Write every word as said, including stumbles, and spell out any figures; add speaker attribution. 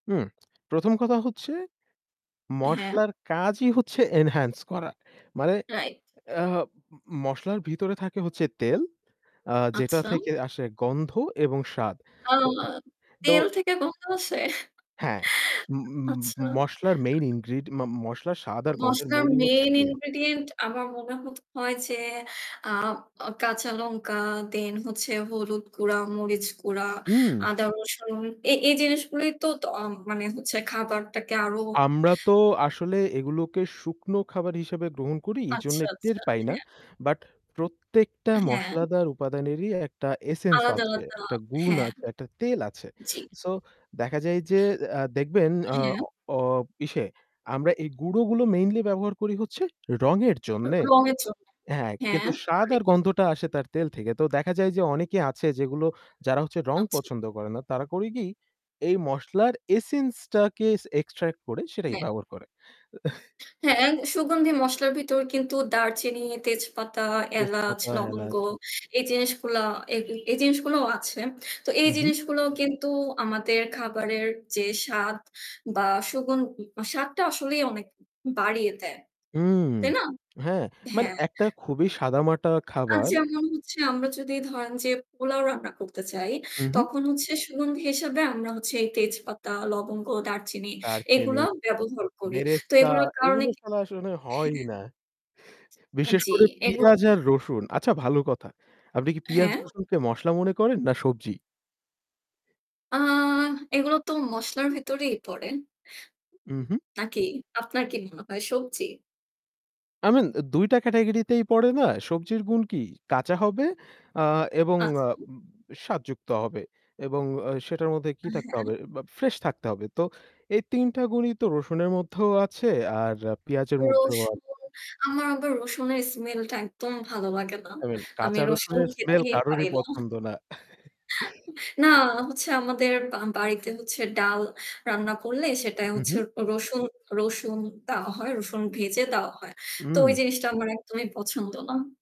Speaker 1: হু, প্রথম কথা হচ্ছে,
Speaker 2: হ্যাঁ।
Speaker 1: মসলার কাজই হচ্ছে এনহান্স করা। মানে
Speaker 2: রাইট।
Speaker 1: আ মসলার ভিতরে থাকে হচ্ছে তেল আ যেটা
Speaker 2: আচ্ছা।
Speaker 1: থেকে আসে গন্ধ এবং স্বাদ।
Speaker 2: আ
Speaker 1: আ তো।
Speaker 2: তেল থেকে গন্ধ আসে।
Speaker 1: হ্যাঁ ম
Speaker 2: আচ্ছা।
Speaker 1: মসলার মেইন ইনগ্রিডিয়েন্ট ম মসলার স্বাদ আর গন্ধের
Speaker 2: মসলার
Speaker 1: মৌলই হচ্ছে
Speaker 2: মেইন
Speaker 1: তেল।
Speaker 2: ইনগ্রিডিয়েন্ট আমার মনে হয় যে আ আ কাঁচা লঙ্কা দেন হচ্ছে হলুদ গুঁড়া, মরিচ গুঁড়া,
Speaker 1: হুম।
Speaker 2: আদা রসুন এই জিনিসগুলোই তো মানে হচ্ছে খাবারটাকে আরো
Speaker 1: আমরা তো আসলে এগুলোকে শুকনো খাবার হিসেবে গ্রহণ করি। এজন্য
Speaker 2: আচ্ছা,
Speaker 1: টের
Speaker 2: আচ্ছা,
Speaker 1: পাই না।
Speaker 2: হ্যাঁ।
Speaker 1: বাট প্রত্যেকটা
Speaker 2: হ্যাঁ।
Speaker 1: মশলাদার উপাদানেরই একটা এসেন্স
Speaker 2: আলাদা,
Speaker 1: আছে।
Speaker 2: আলাদা
Speaker 1: একটা গুণ
Speaker 2: হ্যাঁ,
Speaker 1: আছে, একটা তেল আছে।
Speaker 2: জি।
Speaker 1: সো দেখা যায় যে আ দেখবেন আ আ
Speaker 2: হ্যাঁ।
Speaker 1: অ ইসে আমরা এই গুঁড়ো গুলো মেইনলি ব্যবহার করি হচ্ছে রঙের
Speaker 2: র
Speaker 1: জন্যে।
Speaker 2: রং এর জন্য।
Speaker 1: হ্যাঁ,
Speaker 2: হ্যাঁ।
Speaker 1: কিন্তু স্বাদ আর
Speaker 2: রাইট।
Speaker 1: গন্ধটা আসে তার তেল থেকে। তো দেখা যায় যে অনেকে আছে যেগুলো যারা হচ্ছে রং
Speaker 2: আচ্ছা।
Speaker 1: পছন্দ করে না। তারা করে কি এই মসলার এসেন্স টাকে এক্সট্রাক্ট করে সেটাই
Speaker 2: হ্যাঁ।
Speaker 1: ব্যবহার করে।
Speaker 2: হ্যাঁ, সুগন্ধি মসলার ভিতর কিন্তু দারচিনি, তেজপাতা, এলাচ,
Speaker 1: তেজপাতা,
Speaker 2: লবঙ্গ
Speaker 1: এলাচ।
Speaker 2: এই জিনিসগুলা এই এই জিনিসগুলোও আছে। তো এই
Speaker 1: হু, হু।
Speaker 2: জিনিসগুলো কিন্তু আমাদের খাবারের যে স্বাদ বা সুগুন স্বাদটা আসলেই অনেক বাড়িয়ে দেয়।
Speaker 1: হুম।
Speaker 2: তাই না?
Speaker 1: হ্যাঁ মানে
Speaker 2: হ্যাঁ।
Speaker 1: একটা খুবই সাদামাটা
Speaker 2: আর
Speaker 1: খাবার
Speaker 2: যেমন হচ্ছে আমরা যদি ধরেন যে পোলাও রান্না করতে চাই।
Speaker 1: হু, হু।
Speaker 2: তখন হচ্ছে সুগন্ধি হিসাবে আমরা হচ্ছে এই তেজপাতা, লবঙ্গ, দারচিনি
Speaker 1: দারচিনি,
Speaker 2: এগুলো ব্যবহার করি। তো
Speaker 1: বেরেস্তা
Speaker 2: এগুলোর কারণে
Speaker 1: এগুলো
Speaker 2: কি
Speaker 1: ছাড়া আসলে হয়ই
Speaker 2: হ্যাঁ।
Speaker 1: না। বিশেষ
Speaker 2: জি
Speaker 1: করে
Speaker 2: এইগু
Speaker 1: পিঁয়াজ
Speaker 2: [unintelligible]
Speaker 1: আর রসুন আচ্ছা ভালো কথা। আপনি কি পেঁয়াজ,
Speaker 2: হ্যাঁ।
Speaker 1: রসুনকে মসলা মনে করেন না সবজি?
Speaker 2: আ এগুলো তো মসলার ভিতরেই পড়ে।
Speaker 1: হু, হু।
Speaker 2: নাকি? আপনার কি মনে হয়? সবজি?
Speaker 1: আই মিন দুই টা ক্যাটেগরি তেই পড়ে না? সবজির গুণ কি? কাঁচা হবে আ এবং
Speaker 2: আচ্ছা।
Speaker 1: স্বাদযুক্ত হবে। এবং আ সেটার মধ্যে কি
Speaker 2: হ্যাঁ,
Speaker 1: থাকতে
Speaker 2: হ্যাঁ।
Speaker 1: হবে? ফ্রেশ থাকতে হবে। তো এই তিন টা গুণই তো রসুনের মধ্যেও আছে আর পেঁয়াজের মধ্যেও
Speaker 2: রসুন,
Speaker 1: আছে।
Speaker 2: আমার আবার রসুনের স্মেল টা একদম ভাল লাগে না।
Speaker 1: আই মিন
Speaker 2: আমি
Speaker 1: কাঁচা
Speaker 2: রসুন
Speaker 1: রসুনের স্মেল
Speaker 2: খেতেই
Speaker 1: কারোরই
Speaker 2: পারি না।
Speaker 1: পছন্দ না।
Speaker 2: না হচ্ছে আমাদের আ বাড়িতে হচ্ছে ডাল রান্না করলে সেটাই
Speaker 1: হু,
Speaker 2: হচ্ছে
Speaker 1: হু।
Speaker 2: রসুন রসুন দেওয়া হয়। রসুন ভেজে দেওয়া হয়। তো ওই
Speaker 1: উম
Speaker 2: জিনিসটা আমার একদমই পছন্দ না।